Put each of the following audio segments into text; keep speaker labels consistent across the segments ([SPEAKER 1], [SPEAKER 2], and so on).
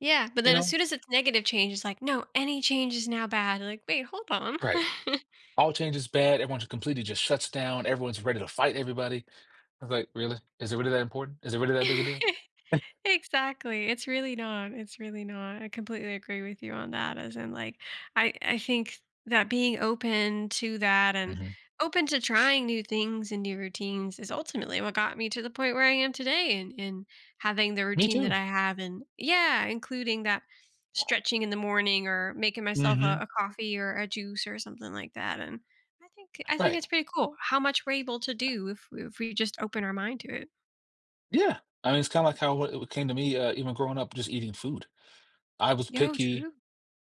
[SPEAKER 1] Yeah, but
[SPEAKER 2] You
[SPEAKER 1] then as
[SPEAKER 2] know?
[SPEAKER 1] soon as it's negative change, it's like, no, any change is now bad. Like, wait, hold on.
[SPEAKER 2] Right. All change is bad. Everyone just completely just shuts down. Everyone's ready to fight everybody. I was like, really? Is it really that important? Is it really that big a deal?
[SPEAKER 1] Exactly, it's really not, it's really not, I completely agree with you on that as in like, I I think that being open to that and
[SPEAKER 2] Mhm.
[SPEAKER 1] open to
[SPEAKER 2] Sh
[SPEAKER 1] trying new things and new routines is ultimately what got me to the point where I am today and and having the
[SPEAKER 2] Me
[SPEAKER 1] routine that
[SPEAKER 2] too!
[SPEAKER 1] I have and Yeah, including that stretching in the morning or making myself a
[SPEAKER 2] Mhm.
[SPEAKER 1] a coffee or a juice or something like that and I think I think
[SPEAKER 2] Right.
[SPEAKER 1] it's pretty cool how much we're able to do if if we just open our mind to it.
[SPEAKER 2] Yeah, I mean, it's kinda like how wh it came to me, uh, even growing up just eating food. I was
[SPEAKER 1] Yo,
[SPEAKER 2] picky,
[SPEAKER 1] true.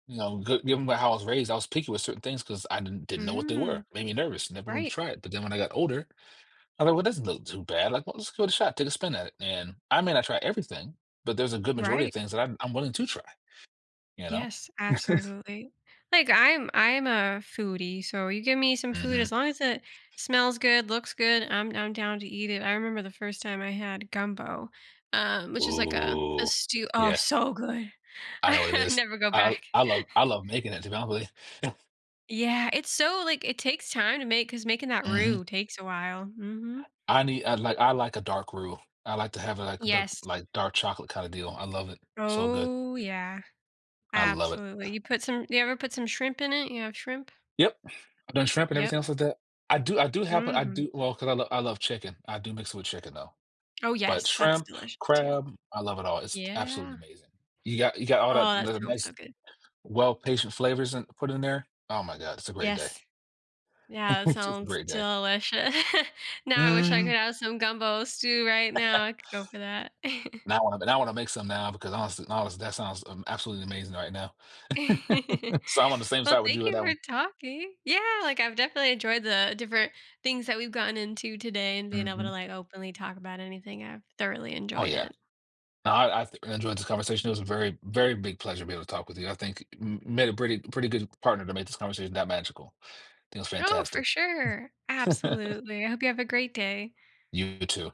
[SPEAKER 2] you know, g given by how I was raised, I was picky with certain things 'cause I didn't didn't know what they were,
[SPEAKER 1] Mm.
[SPEAKER 2] made me nervous, never wanted to
[SPEAKER 1] Right.
[SPEAKER 2] try it. But then when I got older, I thought, well it doesn't look too bad. Like, well, let's give it a shot, take a spin at it, and I may not try everything, but there's a good majority
[SPEAKER 1] Right.
[SPEAKER 2] of things that I'm I'm willing to try. You know?
[SPEAKER 1] Yes, absolutely. Like I'm I'm a foodie, so you give me some food, as
[SPEAKER 2] Mhm.
[SPEAKER 1] long as it smells good, looks good, I'm I'm down to eat it. I remember the first time I had gumbo, um, which is like a a
[SPEAKER 2] Ooh,
[SPEAKER 1] stew oh,
[SPEAKER 2] yeah.
[SPEAKER 1] so good.
[SPEAKER 2] I know what it
[SPEAKER 1] I
[SPEAKER 2] is.
[SPEAKER 1] never go
[SPEAKER 2] I l
[SPEAKER 1] back.
[SPEAKER 2] I love I love making it, to be honest with you.
[SPEAKER 1] Yeah, it's so, like it takes time to make 'cause making that
[SPEAKER 2] Mhm.
[SPEAKER 1] roux takes a while, mhm.
[SPEAKER 2] I need I'd like I like a dark roux. I like to have it like look
[SPEAKER 1] Yes.
[SPEAKER 2] like dark chocolate kinda deal. I love it. So good.
[SPEAKER 1] Oh, yeah.
[SPEAKER 2] I love it.
[SPEAKER 1] Absolutely, you put some you ever put some shrimp in it? You have shrimp?
[SPEAKER 2] Yep. I've done shrimp and
[SPEAKER 1] Yep.
[SPEAKER 2] everything else like that. I do I do have I
[SPEAKER 1] Mhm.
[SPEAKER 2] do well, 'cause I l I love chicken. I do mix it with chicken though,
[SPEAKER 1] Oh
[SPEAKER 2] but
[SPEAKER 1] yes, that's
[SPEAKER 2] shrimp,
[SPEAKER 1] delicious too.
[SPEAKER 2] crab, I love it all, it's absolutely
[SPEAKER 1] Yeah.
[SPEAKER 2] amazing. You got you got all the
[SPEAKER 1] Oh, that
[SPEAKER 2] the
[SPEAKER 1] sounds
[SPEAKER 2] nice,
[SPEAKER 1] so good.
[SPEAKER 2] well patient flavors in put in there. Oh my god, it's a great day.
[SPEAKER 1] Yes. Yeah, that
[SPEAKER 2] It's a
[SPEAKER 1] sounds
[SPEAKER 2] great day.
[SPEAKER 1] deliciou Now, I wish I could
[SPEAKER 2] Mhm.
[SPEAKER 1] have some gumbo stew right now. I could go for that.
[SPEAKER 2] Now I wanna now I wanna make some now because honestly honest that sounds, um, absolutely amazing right now. So I'm on the same
[SPEAKER 1] Well,
[SPEAKER 2] side with
[SPEAKER 1] thank
[SPEAKER 2] you on
[SPEAKER 1] you
[SPEAKER 2] that
[SPEAKER 1] for
[SPEAKER 2] one.
[SPEAKER 1] talking. Yeah, like I've definitely enjoyed the different things that we've gotten into today and being able to
[SPEAKER 2] Mhm.
[SPEAKER 1] like openly talk about anything. I've thoroughly
[SPEAKER 2] Oh
[SPEAKER 1] enjoyed
[SPEAKER 2] yeah.
[SPEAKER 1] it.
[SPEAKER 2] Nah, I I enjoyed this conversation. It was a very, very big pleasure to be able to talk with you. I think m made a pretty pretty good partner to make this conversation that magical. It was
[SPEAKER 1] Oh, for
[SPEAKER 2] fantastic.
[SPEAKER 1] sure. Absolutely. I hope you have a great day.
[SPEAKER 2] You too.